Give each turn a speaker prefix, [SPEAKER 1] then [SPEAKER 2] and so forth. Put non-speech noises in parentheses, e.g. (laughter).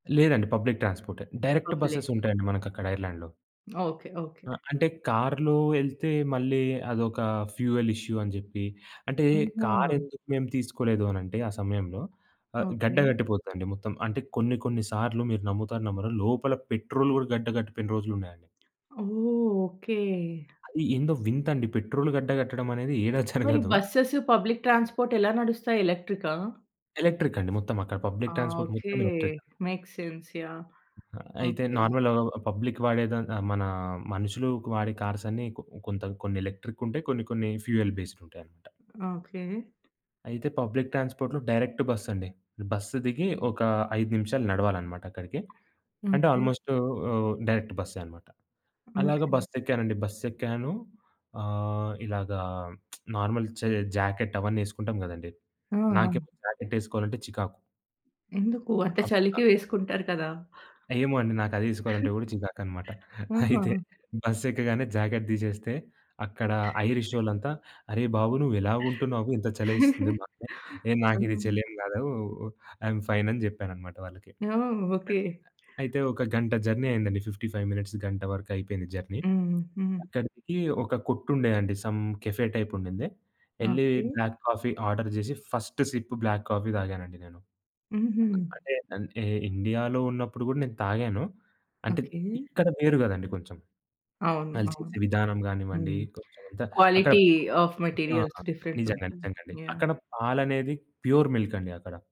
[SPEAKER 1] లేదండి పబ్లిక్ ట్రాన్స్‌పోర్టే. Direct buses
[SPEAKER 2] public.
[SPEAKER 1] ఉంటాయండి
[SPEAKER 2] ఓకే.
[SPEAKER 1] మనకక్కడ ఐర్లాండ్‌లో.
[SPEAKER 2] Okay, okay.
[SPEAKER 1] ఆ! అంటే కారులో యెళ్తే మళ్ళీ అదొక ఫ్యూయల్ ఇష్యూ అని చెప్పి, అంటే
[SPEAKER 2] ఆహా!
[SPEAKER 1] కారెందుకు మేము తీసుకోలేదు అని అంటే ఆ సమయంలో ఆహ్, గడ్డ
[SPEAKER 2] ఓకే.
[SPEAKER 1] కట్టిపోతదండి మొత్తం అంటే కొన్ని కొన్ని సార్లు మీరు నమ్ముతారో, నమ్మరో లోపల పెట్రోలు గూడా గడ్డ కట్టిపోయిన రోజులున్నాయండి.
[SPEAKER 2] ఓహ్! ఓకే.
[SPEAKER 1] అది ఏందో వింతండి పెట్రోలు గడ్డ కట్టడం అనేది (chuckles) ఏడ
[SPEAKER 2] మరి
[SPEAKER 1] జరగదు.
[SPEAKER 2] బస్సెస్ పబ్లిక్ ట్రాన్స్‌పోర్ట్ ఎలా నడుస్తాయి? ఎలక్ట్రికా?
[SPEAKER 1] ఎలక్ట్రిక్ అండి, మొత్తం. అక్కడ
[SPEAKER 2] ఆ!
[SPEAKER 1] Public transport
[SPEAKER 2] okay.
[SPEAKER 1] మొత్తం ఎలక్ట్రిక్.
[SPEAKER 2] Makes sense yeah!
[SPEAKER 1] అ ఆహ్, అయితే
[SPEAKER 2] ఓకే.
[SPEAKER 1] నార్మల్‌గ పబ్లిక్ వాడే దాన్ మన మనుషులు వాడే కార్స్ అన్ని కొ కొంత కొన్ని ఎలక్ట్రిక్ ఉంటాయి కొన్ని కొన్ని ఫ్యూయల్ బేస్డ్ ఉంటాయన్నమాట.
[SPEAKER 2] ఓకే.
[SPEAKER 1] అయితే పబ్లిక్ ట్రాన్స్‌పోర్ట్‌లో డైరెక్ట్ బస్ అండి. బస్సు దిగి ఒక 5 నిమిషాలు నడవాలనమాట అక్కడికి. అంటే
[SPEAKER 2] ఓకే.
[SPEAKER 1] ఆల్‌మోస్ట్ ఆహ్, డైరెక్ట్ బస్సే అనమాట. అలాగ
[SPEAKER 2] ఓకే.
[SPEAKER 1] బస్సు ఎక్కానండి బస్సేక్కాను ఆహ్, ఇలాగా (smacks lips) నార్మల్ చే జాకెట్ అవన్నీ యెసుకుంటాం గదండీ.
[SPEAKER 2] ఆ! ఆ!
[SPEAKER 1] నాకేమో జాకెట్ యెసుకోవాలంటే చికాకు.
[SPEAKER 2] ఎందుకు? అంటే
[SPEAKER 1] అప్ అ!
[SPEAKER 2] చలికి వేసుకుంటారు కదా.
[SPEAKER 1] ఏమో అండి నాకదె యెసుకోవాలంటే
[SPEAKER 2] (giggles)
[SPEAKER 1] గూడా చికాకనమాట. (giggles) అయితే
[SPEAKER 2] ఆహ!
[SPEAKER 1] బస్సు ఎక్కగానే జాకెట్ దీసేస్తే, అక్కడ ఐరిషొళ్ళంతా "అరే బాబు నువ్వెలాగ ఉంటున్నావు ఇంత చలేస్తుంది
[SPEAKER 2] (chuckles)
[SPEAKER 1] మాకు?" ఏ నాకిది
[SPEAKER 2] అ!
[SPEAKER 1] చలేం గాదు ఐ‌యమ్ ఫైన్ అని జెప్పాననమాట వాళ్ళకి.
[SPEAKER 2] ఆ! ఓకె.
[SPEAKER 1] అ అయితే ఒక గంట జర్నీ అయిందండి. 55 మినిట్స్ గంట వరకు అయిపోయింది జర్నీ.
[SPEAKER 2] హ్మ్. హ్మ్.
[SPEAKER 1] అక్కడికి ఒక కొట్టుండేదండి సమ్ కెఫే టైప్ ఉండింది. యెళ్లి
[SPEAKER 2] ఓకె.
[SPEAKER 1] బ్లాక్ కాఫీ ఆర్డర్ జేసి ఫస్ట్ సిప్ బ్లాక్ కాఫీ తాగానండి నేను.
[SPEAKER 2] హుహు.
[SPEAKER 1] అ అంటే ఇండియాలో ఉన్నప్పుడు గూడా నేను తాగాను. అంటే
[SPEAKER 2] ఓకె.
[SPEAKER 1] ఇక్కడ వేరు గదండీ కొంచెం.
[SPEAKER 2] అవును, అవును.
[SPEAKER 1] వాలుచేసే విధానం గానివ్వండి
[SPEAKER 2] హ్మ్.
[SPEAKER 1] కొంచెం అంతా అక్కడ
[SPEAKER 2] క్వాలిటీ ఆఫ్
[SPEAKER 1] ఆ!
[SPEAKER 2] మెటీరియల్స్ డిఫరెంట్‌
[SPEAKER 1] నిజంగా
[SPEAKER 2] ఉంటుంది.
[SPEAKER 1] నిజంగా అండి.
[SPEAKER 2] యాహ్!
[SPEAKER 1] అక్కడ పాలనేది ప్యూర్ మిల్క్ అండి అక్కడ.